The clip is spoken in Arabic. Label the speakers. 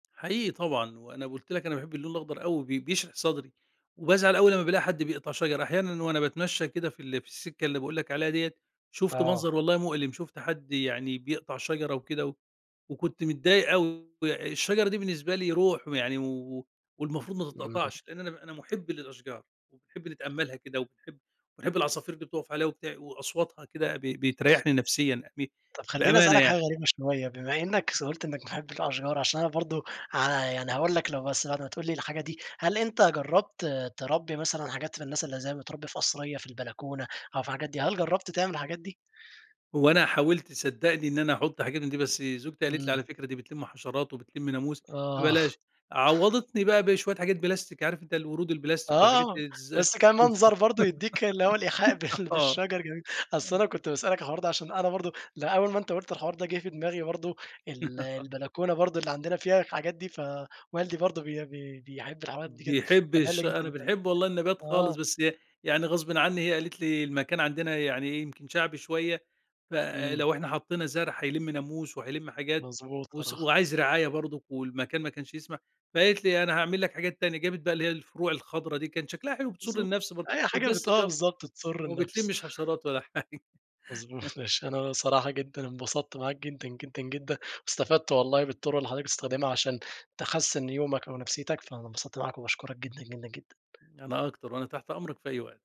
Speaker 1: حقيقي طبعًا، وأنا قُلت لك أنا باحب اللون الأخضر أوي بي بيشرح صدري، وبازعل أوي لما بالاقي حد بيقطع شجر، أحيانًا وأنا باتمشى كده في ال في السكة اللي باقول لك عليها ديَّة، شُفْت
Speaker 2: آه.
Speaker 1: منظر والله مؤلم شُفْت حد يعني بيقطع شجرة وكده، و وكنت متضايق أوي الشجرة دي بالنسبة لي روح يعني و والمفروض ما
Speaker 2: امم.
Speaker 1: تتقطعش لأن أنا أنا مُحب للأشجار، وبنحب أتأملها كده وباحب وبنحب العصافير اللي بتُقَفْ عليها وبتع وأصواتها كده ب بيتريحني نفسيًا ب
Speaker 2: طب خلّيني
Speaker 1: بأمانة
Speaker 2: أسألك حاجة
Speaker 1: يعني.
Speaker 2: غريبة شوية، بما إنك س قُلْت إنك بتحب الأشجار عشان أنا برضه ع يعني هاقول لك لو بس بعد ما تقول لي الحاجة دي، هل أنتَ جربت تربِّي مثلًا حاجات للناس اللي زي بتربي في قصرية في البلكونة، أو في الحاجات دي، هل جربت تعمل الحاجات دي؟
Speaker 1: هو أنا حاولت صدقني إن أنا أحط حاجات من دي بس زوجتي قالت لي:
Speaker 2: امم.
Speaker 1: "على فكرة دي بتلم حشرات، وبتلم ناموس
Speaker 2: آه
Speaker 1: فبلاش" عوضتني بقى بشوية حاجات بلاستيك، عارف أنتَ الورود البلاستيك والحاجات
Speaker 2: آه
Speaker 1: الز؟
Speaker 2: بس كمنظر برضه يدِّيك اللي هو الإيحاء
Speaker 1: [unintelligible]
Speaker 2: بال
Speaker 1: آه.
Speaker 2: بالشجر جميل، أصل
Speaker 1: [unintelligible]
Speaker 2: أنا كنت باسألك على الحوار ده عشان أنا برضه لأ، أول ما أنتَ قُلت الحوار ده جه في دماغي برضه، ال البلكونة برضه اللي عندنا فيها الحاجات دي، فوالدي برضه بي بي بيحب الحاجات دي جدًا،
Speaker 1: بيحب
Speaker 2: فده اللي
Speaker 1: الش
Speaker 2: جه في
Speaker 1: أنا
Speaker 2: دماغي،
Speaker 1: باحب والله النبات خالص،
Speaker 2: آه.
Speaker 1: بس ي يعني غصبٍ عني هي قالت لي المكان عندنا يعني يمكن شعبي شوية،
Speaker 2: امم.
Speaker 1: فلو إحنا حطينا زرع هيلم ناموس، وهيلم حاجات
Speaker 2: مضبوط
Speaker 1: وس
Speaker 2: صراحة.
Speaker 1: وعايز رعاية برضه والمكان ما كانش يسمح، فقالت لي: "أنا هاعمل لك حاجات تانية" جابت بقى اللي هي الفروع الخضرا دي، كان شكلها حلو بتسر
Speaker 2: بالضبط
Speaker 1: النفس برضه
Speaker 2: أي حاجة بت
Speaker 1: وبلاستيك
Speaker 2: آه
Speaker 1: آه،
Speaker 2: بالضبط تسر
Speaker 1: وما
Speaker 2: النفس.
Speaker 1: بتلمش حشرات ولا حاجة
Speaker 2: مضبوط ماشي أنا صراحة جدًا انبسطت معاك جدًا، جدًا، جدًا واستفدت والله بالطرق اللي حضرتك بتستخدمها عشان تحسن يومك أو نفسيتك، فأنا انبسطت معاك وباشكرك جدًا، جدًا، جدًا.
Speaker 1: أنا أكتر، وأنا تحت أمرك في أي وقت.